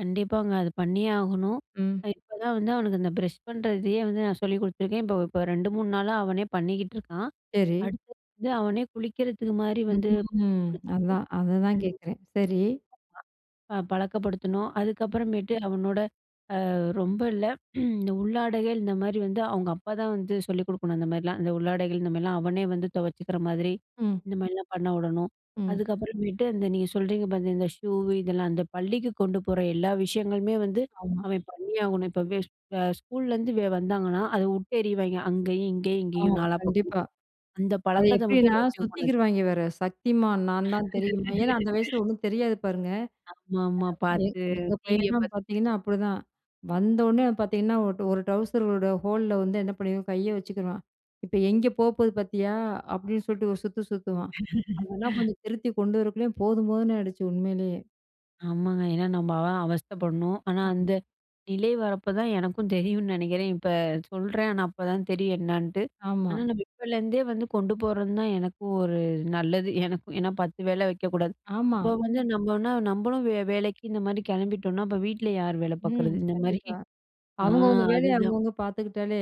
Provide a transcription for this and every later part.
கண்டிப்பாங்க. அது பண்ணியே ஆகணும். ம். நான் இப்ப தான் வந்து அவனுக்கு இந்த பிரஷ் பண்றதையே வந்து நான் சொல்லிக் கொடுத்துருக்கேன். இப்ப, இப்ப 2, 3 நாளா அவனே பண்ணிக்கிட்டு இருக்கான். சரி. அடுத்தது வந்து அவனே குளிக்கிறதுக்கு மாரி வந்து [unintelligible] [unintelligible] அதான். அத அ தான் ம் கேட்குறேன். சரி. ப பழக்கப்படுத்தணும். அதுக்கப்புறமேட்டு அவனோட அ ரொம்ப இல்ல இந்த உள்ளாடைகள் இந்தமாரி வந்து அவுங்க அப்பா தான் வந்து சொல்லிக் கொடுக்கணும். அந்தமாரிலாம், அந்த உள்ளாடைகள் இந்தமாரிலாம் அவனே வந்து துவச்சிக்கிற மாதிரி, ம். இந்தமாரிலாம் பண்ண விடணும், ம். அதுக்கப்புறமேட்டு அந்த நீங்க சொல்றீங்க பார்த்த இந்த ஷூ இதெல்லாம் அந்த பள்ளிக்கு கொண்டு போற எல்லா விஷயங்களுமே வந்து, ஆமா. அவன் பண்ணியாகணும். இப்ப [unintelligible] அ ஸ்கூல்லேருந்து வெ வந்தாங்கன்னா அத விட்டு எறிவாங்க. அங்கேயும், இங்கேயும், இங்கேயும் ஆமா. நாலா பக்கமும். கண்டிப்பா. அந்த அது பழக்கத்த மட்டும் எப்பிடின்னா வச்சுக்க கூடாது. சுத்திக்கிருவாங்க வேற, சக்திமான் நான் தான் தெரியுமா? ஏன்னா, அந்த வயசுல ஒண்ணும் தெரியாது பாருங்க. ஆமா, ஆமா. [unintelligible] பார்த்து எங்க டிவிய பையன்லாம் பார்த்து [unintelligible] பார்த்தீங்கன்னா, அப்பிடிதான் வந்தவுனே பார்த்தீங்கன்னா, ஒ ஒரு ட்வுசரோட ஹோல்ல வந்து என்ன பண்ணிருவான், கைய வச்சுக்குருவான். இப்ப எங்கே போ போது பார்த்தியா? அப்பிடின்னு சொல்லிட்டு ஒரு சுத்து சுத்துவான், அதெல்லாம் கொஞ்சம் திருத்தி கொண்டு வரக்குள்ளயும் போதும் போதும்ன்னு ஆயிடுச்சு உண்மையிலேயே! ஆமாங்க. ஏன்னா நம்ம அ அவஸ்தைப்படணும். ஆனா, ஆமா. அந்த நிலை வரப்ப தான் எனக்கும் தெரியுன்னு நினைக்கிறேன். இப்ப சொல்றேன். ஆனா, அப்பதான் தெரியும் என்னான்னுட்டு. ஆனா, ஆமா. நம்ம இப்பலேருந்தே வந்து கொண்டு போறது தான் எனக்கும் ஒரு நல்லது. எனக்கு ஏன்னா 10 வேல வைக்கக்கூடாது. ஆமா. அப்போ வந்து நம்மன்னா நம்மளும் வேலைக்கு இந்தமாரி கிளம்பிட்டோன்னா, அப்போ வீட்ல யாரு வேல ம். பார்க்குறது? இந்தமாரி, கண்டிப்பா. அ அவுங்கவுங்க வேலைய அதுதான். அவுங்கவுங்க பார்த்துக்கிட்டாலே,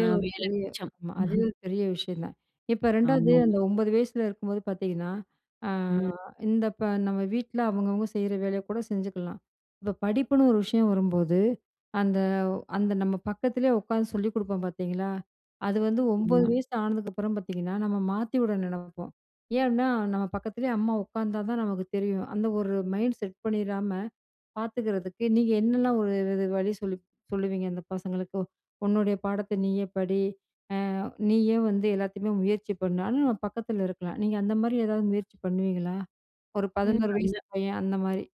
அ ஒரு வேலை பெரிய மிச்சம். ஆமா. அதுவே ஒரு பெரிய விஷயம் தான். இப்ப 2வது ஆமாங்க. அந்த 9 வயசுல இருக்கும்போது பார்த்தீங்கன்னா, அ ம். இந்த இப்ப நம்ம வீட்ல அவுங்கவுங்க செய்ற வேலைய கூட செஞ்சுக்கலாம். இப்ப படிப்புன்னு ஒரு விஷயம் வரும்போது, அந்த, அ அந்த நம்ம பக்கத்திலேயே உட்காந்து சொல்லிக் கொடுப்போம் பார்த்தீங்களா! அது வந்து 9 உண்ம, வயசு ஆனதுக்கப்புறம் பார்த்தீங்கன்னா, நம்ம மாத்தி விட நினப்போம். ஏன் அப்பிடின்னா, நம்ம பக்கத்திலேயே அம்மா உட்காந்தா தான் நமக்கு தெரியும். அந்த ஒரு மைண்ட் செட் பண்ணிறாம பார்த்துக்கிறதுக்கு நீங்க என்னலாம் ஒரு [unintelligible] வழி சொல்லி சொல்லுவீங்க அந்த பசங்களுக்கு. உன்னுடைய பாடத்த நீயே படி! அ நீயே வந்து எல்லாத்தையுமே முயற்சி பண்ணு! ஆனா நம்ம பக்கத்தில இருக்கலாம். நீங்க அந்தமாரி ஏதாவது முயற்சி பண்ணுவீங்களா? ஒரு ம். 11 வயசு அந்த பையன் அந்தமாரி.